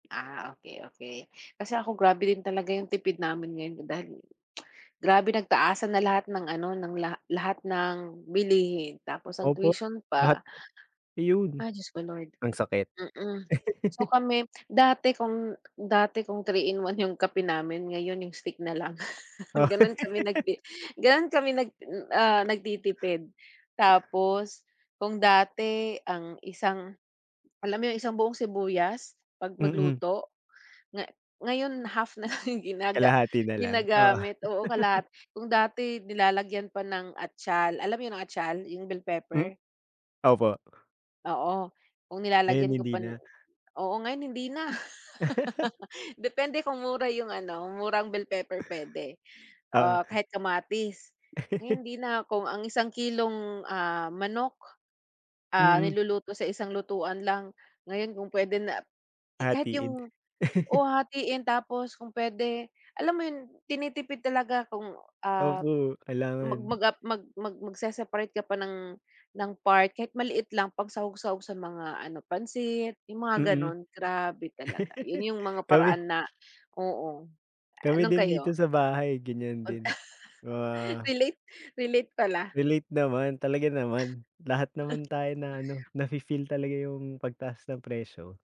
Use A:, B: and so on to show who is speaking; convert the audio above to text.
A: Ah, okey, okey. Kasi ako grabe din talaga 'yung tipid namin ngayon dahil grabe nagtaasan na lahat ng ano ng la lahat ng bilihin, tapos ang
B: Opo,
A: tuition
B: lahat
A: pa.
B: 'yun.
A: Ah, Diyos ko Lord,
B: Ang sakit.
A: mm. So kami, dati kung dati kung 3 in 1 'yung kape namin ngayon 'yung stick na lang,
B: Oh.
A: gano'n kami nagti gano'n kami nag, ah, nagtitipid. Tapos kung dati ang isang alam mo 'yong isang buong sibuyas, 'pag
B: Mm.
A: magluto? Nga ngayon half na lang ginaga
B: Kalahati na lang, oo.
A: ginagamit, oo kalahati. Kung dati nilalagyan pa ng atyal, alam mo 'yung atyal? 'Yung bell
B: Hmm,
A: pepper.
B: opo.
A: Oo, kung
B: Ngayon
A: nilalagyan ko
B: hindi
A: pa
B: na.
A: oo ngayon hindi na. Depende kung mura 'yung ano, murang bell pepper puwede,
B: Oo.
A: ah, kahit kamatis. Ngayon hindi na, kung ang isang kilong, ah, manok, ah,
B: Mm.
A: niluluto sa isang lutuan lang, ngayon kung puwede na kahit
B: Hahatiin.
A: 'yung, oo hahatiin tapos kung puwede, alam mo 'yun tinitipid talaga kung, ah,
B: Opo,
A: mag
B: kailangan.
A: mag, ah, mag mag magseseparate ka pa ng ng part kahit maliit lang pang sahog-sahog sa mga ano pansit, 'yung mga
B: Mm.
A: gano'n. Grabe talaga, 'yun 'yung mga
B: Kami
A: paraan na oo. Ah
B: kami
A: nung
B: din dito
A: kayo?
B: sa bahay ganiyan
A: Mag
B: din,
A: ah
B: ah
A: relate, relate pala.
B: Relate naman, talaga naman. Lahat naman tayo na ano, nafi-feel talaga 'yung pagtaas ng presyo.